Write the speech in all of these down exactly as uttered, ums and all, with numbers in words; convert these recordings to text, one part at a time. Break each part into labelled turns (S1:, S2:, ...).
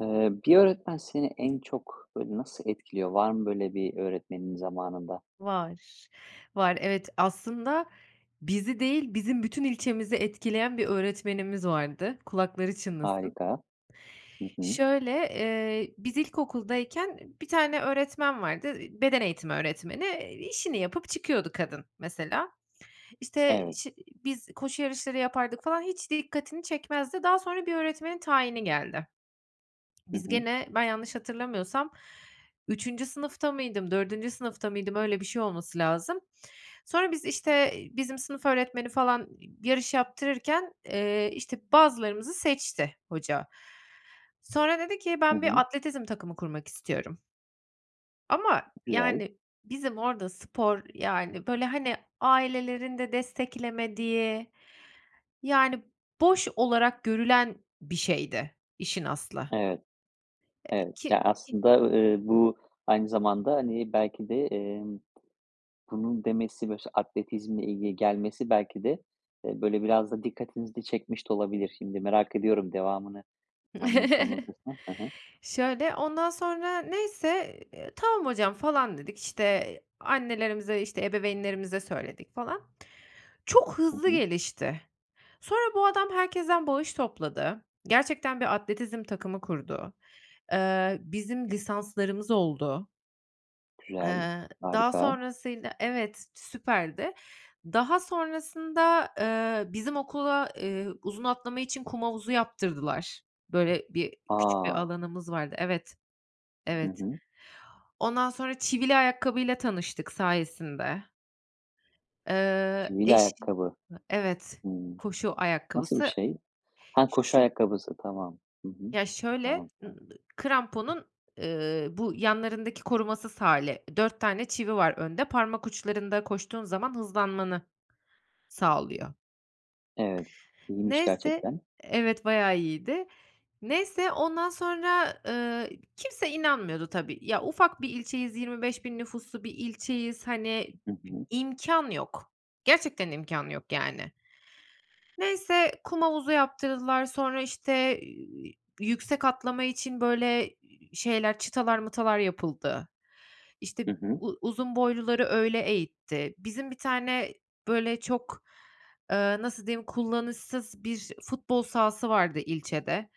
S1: Eee, bir öğretmen seni en çok böyle nasıl etkiliyor? Var mı böyle bir öğretmenin zamanında?
S2: Var, var evet, aslında bizi değil bizim bütün ilçemizi etkileyen bir öğretmenimiz vardı. Kulakları çınlasın.
S1: Harika. Hı hı.
S2: Şöyle, eee, biz ilkokuldayken, bir tane öğretmen vardı, beden eğitimi öğretmeni, e, işini yapıp çıkıyordu kadın mesela. İşte
S1: Evet.
S2: şi biz koşu yarışları yapardık falan, hiç dikkatini çekmezdi. Daha sonra bir öğretmenin tayini geldi.
S1: Hı
S2: Biz
S1: hı.
S2: gene, ben yanlış hatırlamıyorsam, üçüncü sınıfta mıydım, dördüncü sınıfta mıydım öyle bir şey olması lazım. Sonra biz işte, bizim sınıf öğretmeni falan i yarış yaptırırken, eee, işte, bazılarımızı seçti hoca. Sonra dedi ki
S1: Hı
S2: "Ben bir
S1: hı.
S2: atletizm takımı kurmak istiyorum." Ama,
S1: Güzel.
S2: yani, bizim orada spor, yani, böyle hani ailelerin de desteklemediği, yani, boş olarak görülen bir şeydi işin aslı.
S1: Evet.
S2: Eee,
S1: Evet. Ya,
S2: ki ki
S1: aslında, ııı, eee, bu aynı zamanda, hani, belki de, emm, bunun demesi bö sa atletizmle ilgili gelmesi belki de, e, böyle biraz da dikkatinizi de çekmiş de olabilir. Şimdi merak ediyorum devamını anlat anlatırsan. Hı hı.
S2: Şöyle, ondan sonra neyse, eee, eee, tamam hocam falan dedik işte annelerimize işte ebeveynlerimize söyledik falan çok
S1: Hı
S2: hızlı
S1: hı.
S2: gelişti. Sonra bu adam herkesten bağış topladı. Gerçekten bir atletizm takımı kurdu. Eee, bizim lisanslarımız oldu.
S1: Güzel.
S2: Eee, daha
S1: Harika.
S2: sonrasında Evet, süperdi. Daha sonrasında, eee, bizim okula, eee, uzun atlama için kum havuzu yaptırdılar. Böyle, bir küçük bir
S1: A.
S2: alanımız vardı evet,
S1: Hı
S2: evet.
S1: hı.
S2: Ondan sonra çivili ayakkabıyla tanıştık sayesinde. Eee,
S1: Çivili
S2: eşi I
S1: ayakkabı.
S2: evet,
S1: Hımm.
S2: koşu
S1: Nasıl bir
S2: ayakkabısı.
S1: şey? Ha, koşu
S2: Şu
S1: ayakkabısı. Tamam. Hı hı.
S2: Ya, şöyle,
S1: Tamam, tamam.
S2: ımm, kramponun, ııı, bu yanlarındaki korumasız hâli dört tane çivi var önde parmak uçlarında koştuğun zaman hızlanmanı sağlıyor.
S1: Evet, iyiymiş
S2: Neyse
S1: gerçekten.
S2: Evet, bayağı iyiydi. Neyse ondan sonra, ııı, kimse inanmıyordu tabii ya ufak bir ilçeyiz yirmi beş bin nüfuslu bir ilçeyiz, hani,
S1: Hı hı.
S2: imkân, yok, gerçekten imkân yok, yani. Neyse kum havuzu yaptırdılar sonra işte, iii, yüksek atlama için böyle, iii, şeyler çıtalar mıtalar yapıldı. İşte
S1: Hı hı.
S2: u uzun boyluları öyle eğitti. Bizim bir tane, böyle, çok, eee, nasıl diyeyim kullanışsız bir futbol sahası vardı ilçede.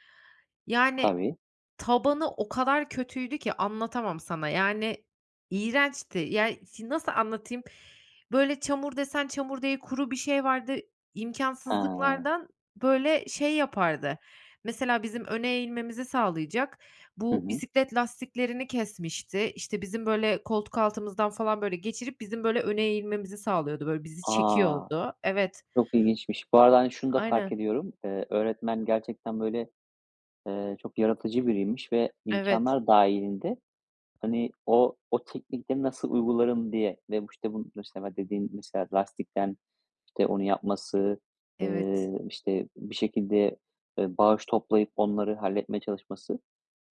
S2: Yani,
S1: Tabii.
S2: tabanı o kadar kötüydü ki anlatamam sana, yani, iğrençti. Yani, şi nasıl anlatayım? Böyle çamur desen çamur değil kuru bir şey vardı,
S1: He.
S2: imkânsızlıklardan, böyle, şey yapardı, mesela bizim öne eğilmemizi sağlayacak,
S1: Hı
S2: bu
S1: hı.
S2: bisiklet lastiklerini kesmişti, işte, bizim, böyle, koltuk altımızdan falan böyle geçirip bizim, böyle, öne eğilmemizi sağlıyordu, böyle, bizi
S1: A,
S2: çekiyordu, evet.
S1: çok ilginçmiş. Bu arada, hani, şunu da fark
S2: Aynen.
S1: ediyorum. Eee, öğretmen gerçekten böyle, eee, çok yaratıcı biriymiş ve
S2: Evet.
S1: imkânlar dâhilinde, hani, o o teknikleri nasıl uygularım diye ve bu, işte, bu, mesela, dediğin, mesela, lastikten, işte, onu yapması, eee,
S2: Evet.
S1: işte, bir şekilde, e, bağış toplayıp onları halletmeye çalışması.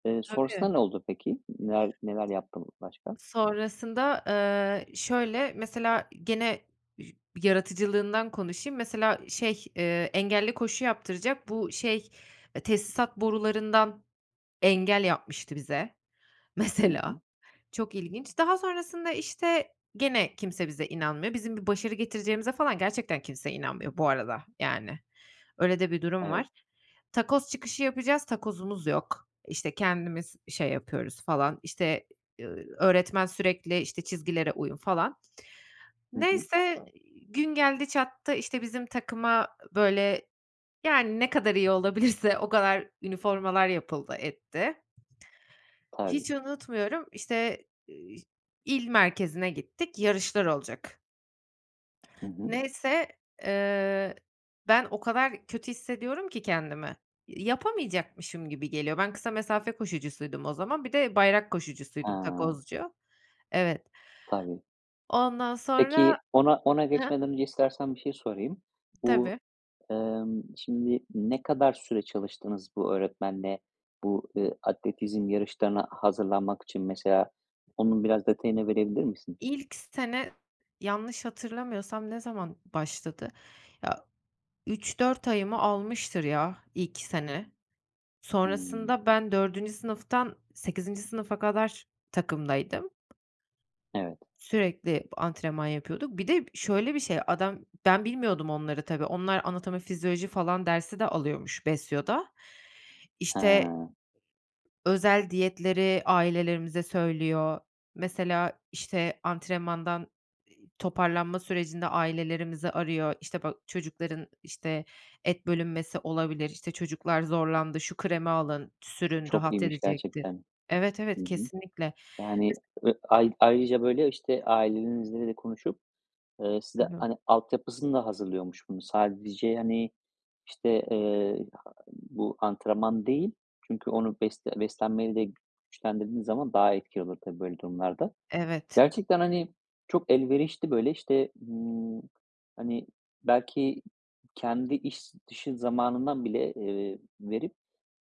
S1: Eee,
S2: Tabii.
S1: sonrasında ne oldu peki? Neler neler yaptın başka?
S2: Sonrasında, eee, şöyle mesela gene üş yaratıcılığından konuşayım, mesela şey, eee, engelli koşu yaptıracak bu şey, eee, tesisat borularından engel yapmıştı bize
S1: Hı
S2: mesela,
S1: hı.
S2: çok ilginç. Daha sonrasında, işte, gene kimse bize inanmıyor bizim bir başarı getireceğimize falan gerçekten kimse inanmıyor bu arada, yani. Öyle de bir durum var.
S1: Evet.
S2: Takoz çıkışı yapacağız takozumuz yok, işte, kendimiz i şey yapıyoruz falan, işte, iii, öğretmen sürekli işte çizgilere uyun falan.
S1: Hı hı.
S2: Neyse, gün geldi çattı işte bizim takıma böyle, yani, ne kadar iyi olabilirse o kadar üniformalar yapıldı etti.
S1: Tabii.
S2: Hiç unutmuyorum, işte, ııı, il merkezine gittik yarışlar olacak.
S1: Hı hı.
S2: Neyse, eee, ben o kadar kötü hissediyorum ki kendimi yapamayacakmışım gibi geliyor. Ben kısa mesafe koşucusuydum o zaman. Bir de bayrak koşucusuydum
S1: A!
S2: Takozcu. Evet.
S1: Tabii.
S2: Ondan sonra
S1: Peki ona ona
S2: Hıı?
S1: geçmeden önce istersen bir şey sorayım. Bu,
S2: Tabii.
S1: emm, şimdi ne kadar süre çalıştınız bu öğretmenle bu, ııı, atletizm yarışlarına hazırlanmak için mesela onun biraz detayını verebilir misin?
S2: İlk sene, yanlış hatırlamıyorsam ne zaman başladı? Ya, üç dört ayımı almıştır ya, ilk sene.
S1: Hıı.
S2: Sonrasında ben dördüncü sınıftan sekizinci sınıfa kadar takımdaydım.
S1: Evet.
S2: Sürekli antrenman yapıyorduk. Bir de şöyle bir şey, adam ben bilmiyordum onları tabii. Onlar anatomi, fizyoloji falan dersi de alıyormuş BESYO'da. İşte,
S1: Hıı.
S2: özel diyetleri ailelerimize söylüyor. Mesela, işte, antrenmandan, iii, toparlanma sürecinde ailelerimizi arıyor, işte, "Bak, çocukların, işte, et bölünmesi olabilir. İşte, çocuklar zorlandı, şu kremi alın, sürün,
S1: Çok
S2: rahat
S1: iyiymiş
S2: edecektir."
S1: gerçekten.
S2: Evet,
S1: Hı
S2: evet,
S1: hı.
S2: kesinlikle.
S1: Yani
S2: Mes
S1: ö ay ayrıca, böyle, işte, ailelerinizle de konuşup, eee, size,
S2: Tabii.
S1: hani, altyapısını da hazırlıyormuş bunun. Sadece, hani, işte, eee, [unintelligible] bu antrenman değil. Çünkü onu besle beslenmeyle de güçlendirdiğin zaman daha etkili olur tabii böyle durumlarda.
S2: Evet.
S1: Gerçekten, hani, çok elverişli, böyle, işte, ııı, hani, belki kendi iş dışı zamanından bile, eee, verip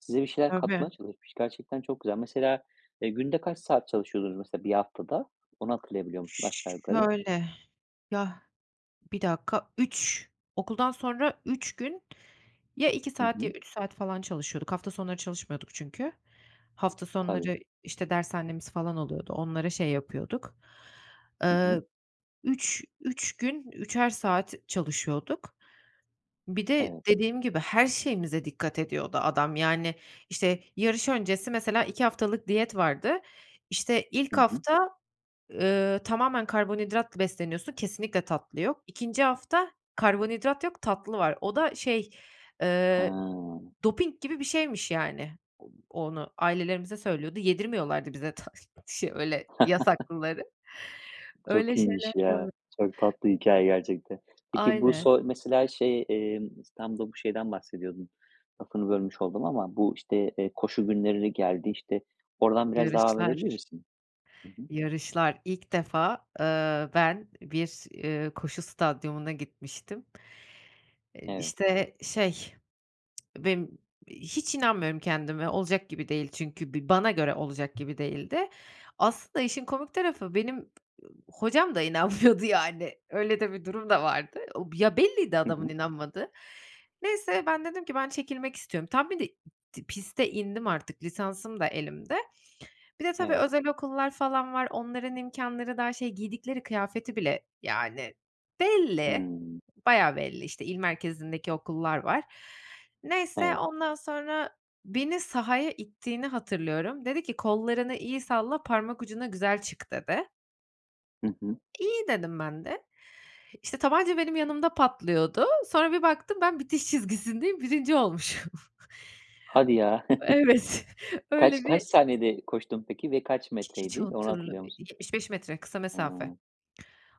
S1: size bir şeyler
S2: Tabii.
S1: katmaya çalışmış. Gerçekten çok güzel. Mesela, eee, günde kaç saat çalışıyordunuz mesela bir haftada? Onu hatırlayabiliyor musun aşağı yukarı?
S2: Şöyle Ya Bir dakika. üç, okuldan sonra üç gün ya iki
S1: Hı
S2: saat ya
S1: hı.
S2: üç saat falan çalışıyorduk. Hafta sonları çalışmıyorduk çünkü. Hafta
S1: Tabii.
S2: sonları, işte, dershanemiz falan oluyordu, onlara şey yapıyorduk.
S1: Hı hı.
S2: Eee, üç üç gün, üçer saat çalışıyorduk. Bir de
S1: Evet.
S2: dediğim gibi her şeyimize dikkat ediyordu adam, yani. İşte, yarış öncesi mesela iki haftalık diyet vardı, işte,
S1: Hı
S2: ilk
S1: hı.
S2: hafta, eee, tamamen karbonhidratla besleniyorsun, kesinlikle tatlı yok. ikinci hafta karbonhidrat yok, tatlı var. O da şey, eee,
S1: Hıı.
S2: doping gibi bir şeymiş yani. O onu ailelerimize söylüyordu, yedirmiyorlardı bize ta şe öyle yasaklıkları.
S1: Çok
S2: Öyle
S1: iyiymiş,
S2: şeyler olu
S1: ya. Çok tatlı hikâye gerçekten. Peki bu
S2: Aynen.
S1: so mesela şey, eee, İstanbul'da bu şeyden bahsediyordun -lafını bölmüş oldum ama bu, işte, eee, koşu günleri geldi, işte. Oradan biraz devam edebilir
S2: Yarışlar.
S1: misin? Hı hı.
S2: Yarışlar. İlk defa, eee, ben bir, ııı, koşu stadyumuna gitmiştim. Iıı,
S1: Evet.
S2: işte, şey, benim hiç inanmıyorum kendime, olacak gibi değil çünkü bi bana göre olacak gibi değildi. Aslında işin komik tarafı, benim hocam da inanmıyordu yani, öyle de bir durum da vardı. O Ya, belliydi
S1: Hı
S2: adamın
S1: hı
S2: inanmadığı. Neyse, ben dedim ki "Ben çekilmek istiyorum." Tam bir de piste indim artık, lisansım da elimde. Bir de tabii,
S1: Evet.
S2: özel okullar falan var. Onların imkânları daha şey, giydikleri kıyafeti bile yani belli,
S1: Hıı.
S2: bayağı belli, işte, il merkezindeki okullar var. Neyse,
S1: Evet.
S2: ondan sonra beni sahaya ittiğini hatırlıyorum. Dedi ki "Kollarını iyi salla, parmak ucuna güzel çık." dedi.
S1: Hı hı.
S2: İyi dedim ben de. İşte, tabanca benim yanımda patlıyordu, sonra bir baktım ben bitiş çizgisindeyim, birinci olmuşum.
S1: Hadi ya.
S2: Evet, öyle
S1: Kaç kaç
S2: bir
S1: saniyede koştun peki ve kaç
S2: H hiç
S1: metreydi, onu
S2: hatırla
S1: hatırlıyor musun?
S2: yetmiş beş metre kısa mesafe.
S1: Hıı.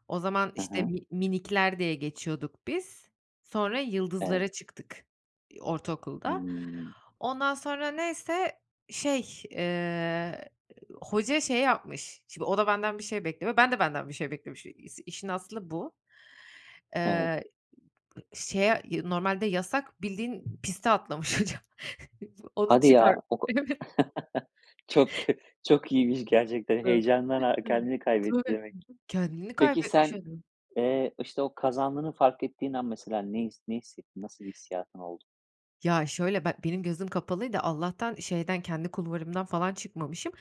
S2: O zaman
S1: Hı
S2: işte
S1: hı.
S2: mi minikler diye geçiyorduk biz. Sonra
S1: Evet.
S2: yıldızlara çıktık, ııı, ortaokulda.
S1: Hıı.
S2: Ondan sonra neyse şey, eee, hoca şey yapmış. Şimdi o, da benden bir şey bekliyor, ben de benden bir şey beklemişi i işin aslı bu. Eee,
S1: Evet.
S2: ııı, şeye normalde yasak bildiğin piste atlamış hocam. Onu
S1: Hadi
S2: çıkar.
S1: ya oka
S2: E evet.
S1: çok kö çok iyiymiş gerçekten. Heyecandan ar kendini kaybetti
S2: Tabii.
S1: demek.
S2: Kendini
S1: Peki
S2: kaybetmiş
S1: sen,
S2: [unintelligible]
S1: eee, işte, o kazandığını fark ettiğin an mesela ne his ne hissettin? Nasıl bir hissiyatın oldu?
S2: Ya şöyle, be benim gözüm kapalıydı, Allah'tan şeyden, kendi kulvarımdan falan çıkmamışım.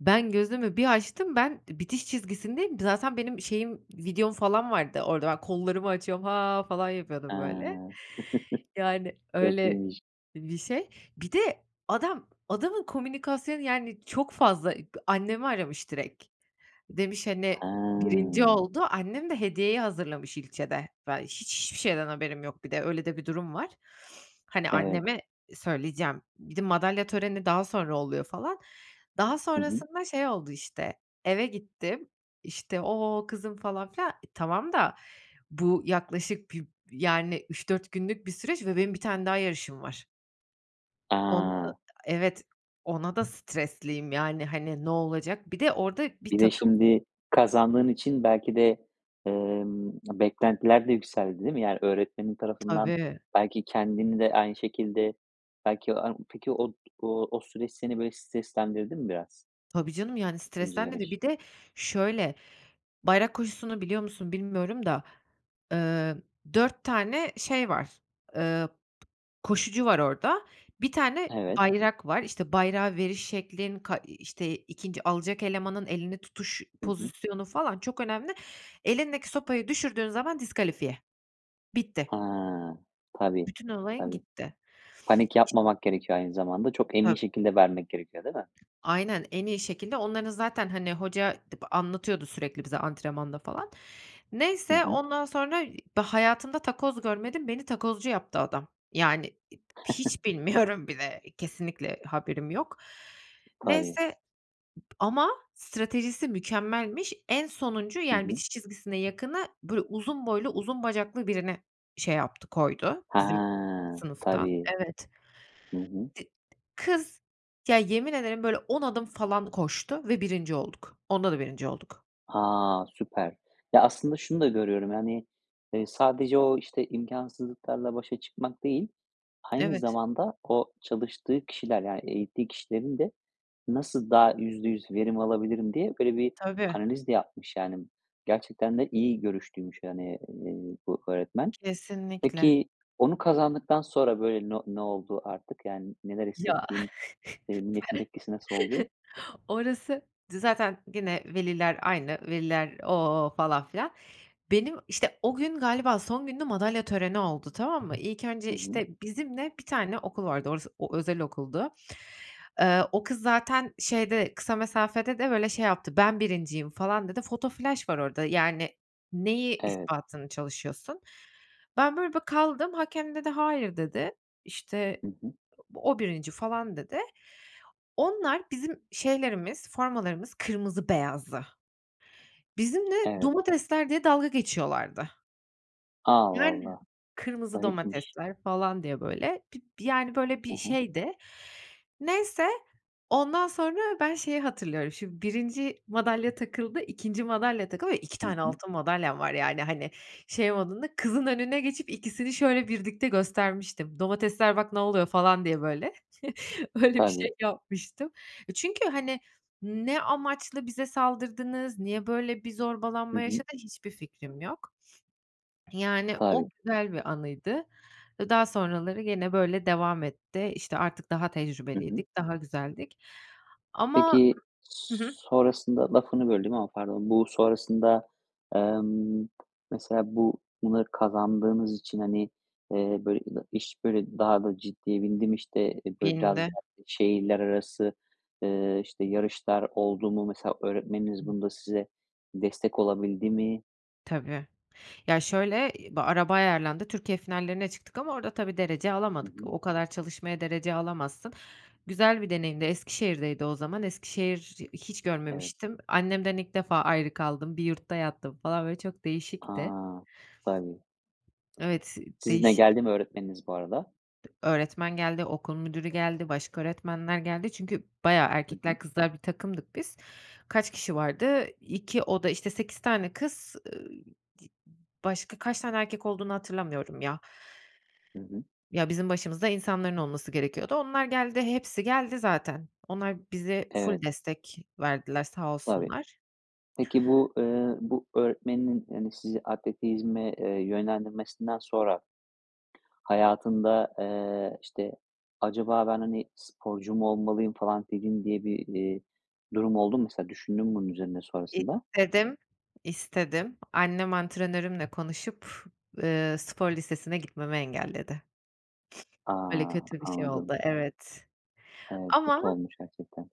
S2: Ben gözümü bir açtım, ben bitiş çizgisindeyim, zaten benim şeyim, videom falan vardı orada ben kollarımı açıyorum, haa, falan yapıyordum
S1: Haa.
S2: böyle. Yani,
S1: Çok
S2: öyle
S1: iyiymiş.
S2: bir şey. Bir de adam adamın komünikasyonu, yani, çok fazla ı, annemi aramış direk. Demiş, hani, birinci
S1: Haa.
S2: oldu annem de hediyeyi hazırlamış ilçede. Ben hiç hiçbir şeyden haberim yok bir de, öyle de bir durum var. Hani,
S1: Evet.
S2: anneme söyleyeceğim, bir de madalya töreni daha sonra oluyor falan. Daha
S1: Hı hı.
S2: sonrasında şey oldu işte, eve gittim, işte, ooo, kızım falan filan tamam da, bu yaklaşık bir, yani, üç dört günlük bir süreç ve benim bir tane daha yarışım var. Onu da
S1: A!
S2: evet ...ona da stresliyim yani, hani, ne olacak. Bir de orada bir
S1: Bir de,
S2: takım
S1: şimdi kazandığın için belki de, ımm, beklentiler de yükseldi değil mi? Yani, öğretmenin tarafından
S2: Tabii.
S1: belki kendini de aynı şekilde belki a peki o o süreç seni böyle streslendirdi mi biraz?
S2: Tabii canım, yani,
S1: ikinci
S2: stresten de,
S1: yarış.
S2: bir de şöyle, bayrak koşusunu biliyor musun bilmiyorum da, ııı, dört tane şey var, ııı, koşucu var orada. bir tane
S1: Evet.
S2: bayrak var, işte, bayrağı veriş şeklin, ka, işte, ikinci alacak elemanın elini tutuş
S1: Hı hı.
S2: pozisyonu falan çok önemli. Elindeki sopayı düşürdüğün zaman diskalifiye. Bitti.
S1: Ha! Tabii
S2: Bütün olayın
S1: tabii.
S2: gitti
S1: Panik
S2: iş
S1: yapmamak gerekiyor aynı zamanda çok emin
S2: Tab
S1: şekilde vermek gerekiyor değil mi?
S2: Aynen, en iyi şekilde onların zaten, hani, hoca b anlatıyordu sürekli bize antrenmanda falan.
S1: Hı
S2: Neyse
S1: hı.
S2: ondan sonra da, ııı, hayatımda takoz görmedim, beni takozcu yaptı adam. Yani, hiç bilmiyorum bile kesinlikle haberim yok.
S1: Tabii.
S2: Neyse ama stratejisi mükemmelmiş. En sonuncu,
S1: Hı
S2: yani,
S1: hı.
S2: bitiş çizgisine yakını, böyle, uzun boylu uzun bacaklı birine şey yaptı koydu
S1: Ha!
S2: bizim sınıftan
S1: Tabii.
S2: evet.
S1: Hı hı.
S2: Di kız ya yemin ederim böyle on adım falan koştu ve birinci olduk onda da birinci olduk.
S1: A, süper! Ya aslında şunu da görüyorum, yani, ııı, sadece o, işte, imkânsızlıklarla başa çıkmak değil. Aynı
S2: Evet.
S1: zamanda o çalıştığı kişiler, yani, eğittiği kişilerin de nasıl daha yüzde yüz verim alabilirim diye böyle bir,
S2: Tabii.
S1: analiz de yapmış yani. Gerçekten de iyi görüşlüymüş, yani, eee, bu öğretmen.
S2: Kesinlikle.
S1: Peki onu kazandıktan sonra böyle n ne oldu artık, yani, neler
S2: Ya.
S1: hissettin? Eee, milletin tepkisi nasıl oldu?
S2: Orası zaten gene veliler aynı, veliler, ooo, falan filan. Benim, işte, o gün galiba son gündü madalya töreni oldu tamam mı. İlk önce
S1: Hı hı.
S2: işte bizimle bir tane okul vardı, orası o özel okuldu. Eee, o kız zaten şeyde, kısa mesafede de böyle şey yaptı, ben birinciyim falan dedi, foto flaş var orada yani neyi
S1: [unintelligible]
S2: ispatını çalışıyorsun. Ben böyle bir kaldım, hakem dedi hayır dedi. İşte,
S1: Hı hı.
S2: o birinci falan dedi. Onlar bizim şeylerimiz, formalarımız kırmızı beyazdı. Bizimle
S1: Evet.
S2: domatesler diye dalga geçiyorlardı.
S1: A,
S2: Yani.
S1: vallahi.
S2: Kırmızı
S1: Garipmiş.
S2: domatesler falan diye, böyle, bir yani böyle
S1: Hı
S2: bir
S1: hı.
S2: şeydi. Neyse, ondan sonra ben şeyi hatırlıyorum şimdi, birinci madalya takıldı, ikinci madalya takıldı ve iki
S1: Hı
S2: tane
S1: hı.
S2: altın madalyam var yani, hani, şey modunda. Kızın önüne geçip ikisini şöyle birlikte göstermiştim, domatesler "Bak, ne oluyor?" falan diye böyle. Öyle bir şey
S1: Tabii.
S2: yapmıştım. Çünkü, hani, ne amaçla bize saldırdınız, niye böyle bir
S1: Hı
S2: zorbalanma
S1: hı.
S2: yaşandı, hiçbir fikrim yok. Yani, o
S1: Tabii.
S2: güzel bir anıydı. Daha sonraları gene, böyle, devam etti. İşte, artık daha
S1: Hı hı.
S2: tecrübeliydik, daha güzeldik. Ama
S1: Peki,
S2: Hı hı.
S1: sonrasında lafını böldüm ama pardon. Bu sonrasında, emm, mesela bu bunları kazandığınız için, hani, eee, böyle ina iş böyle daha da ciddiye bindi mi? İşte, böyle, biraz
S2: Bindi.
S1: daha şehirler arası, ııı, işte, yarışlar oldu mu? Mesela öğretmeniniz bunda size destek olabildi mi?
S2: Tabii. Ya, şöyle, araba ayarlandı: Türkiye finallerine çıktık ama orada tabii, derece
S1: Hı
S2: alamadık.
S1: hı.
S2: O kadar çalışmaya derece alamazsın. Güzel bir deneyimdi, Eskişehir'deydi o zaman. Eskişehir'i hiç
S1: Evet.
S2: görmemiştim. Annemden ilk defa ayrı kaldım. Bir yurtta yattım falan, böyle, çok değişikti.
S1: A! Tabii.
S2: Evet,
S1: Sizinle
S2: değişik.
S1: geldi mi öğretmeniniz bu arada?
S2: Dı öğretmen geldi, okul müdürü geldi, başka öğretmenler geldi. Çünkü bayağı...
S1: Hı
S2: Erkekler,
S1: hı.
S2: kızlar bir takımdık biz. Kaç kişi vardı? iki oda, işte, sekiz tane kız, ııı, di başka kaç tane erkek olduğunu hatırlamıyorum ya.
S1: Hı hı.
S2: Ya bizim başımızda insanların olması gerekiyordu. Onlar geldi, hepsi geldi zaten. Onlar bize ful
S1: Evet.
S2: destek verdiler sağ
S1: Tabii.
S2: olsunlar.
S1: Peki, bu, ııı, bu öğretmeninin, yani, sizi atletizme, eee, yönlendirmesinden sonra hayatında, eee, işte, acaba "Ben, hani, sporcu mu olmalıyım." falan [unintelligible] diye bir, iii, durum oldu mu? Mesela düşündün mü bunun üzerine sonrasında?
S2: İstedim, istedim. Annem antrenörümle konuşup, ııı, spor lisesine gitmemi engelledi.
S1: A!
S2: Böyle kötü bir şey
S1: Anladım.
S2: oldu, evet.
S1: Evet, kötü
S2: Ama
S1: olmuş gerçekten.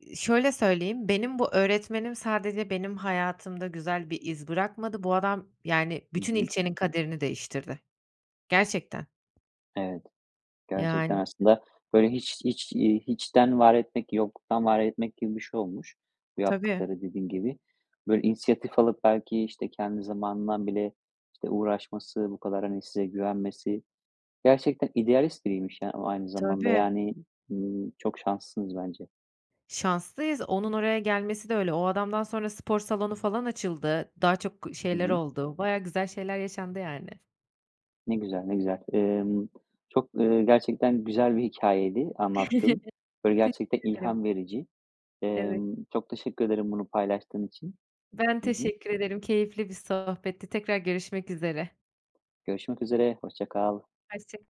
S2: Iıı, şöyle söyleyeyim: Benim bu öğretmenim sadece benim hayatımda güzel bir iz bırakmadı. Bu adam, yani,
S1: Hı
S2: bütün
S1: hı.
S2: ilçenin kaderini değiştirdi. Gerçekten.
S1: Evet. Gerçekten
S2: Yani.
S1: aslında böyle hiç hiç, iii, hiçten var etmek, yokluktan var etmek gibi bir şey olmuş bu
S2: Tabii.
S1: yaptıkları, dediğin gibi. Böyle, inisiyatif alıp belki, işte, kendi zamanından bile, işte, uğraşması, bu kadar, hani, size güvenmesi, gerçekten idealist biriymiş ya, o aynı zamanda.
S2: Tabii.
S1: Yani, ımm, çok şanslısınız bence.
S2: Şanslıyız, onun oraya gelmesi de öyle. O adamdan sonra spor salonu falan açıldı, daha çok
S1: Hı
S2: şeyler
S1: hı.
S2: oldu. Bayağı güzel şeyler yaşandı yani.
S1: Ne güzel, ne güzel. Emm, çok, ııı, gerçekten güzel bir hikâyeydi anlattığın. Böyle,
S2: Teşekkür
S1: gerçekten
S2: ederim.
S1: ilham verici.
S2: Evet.
S1: Emm, çok teşekkür ederim bunu paylaştığın için.
S2: Ben
S1: Hı hı.
S2: teşekkür ederim. Keyifli bir sohbetti. Tekrar görüşmek üzere.
S1: Görüşmek üzere. Hoşça kal.
S2: Hoşçak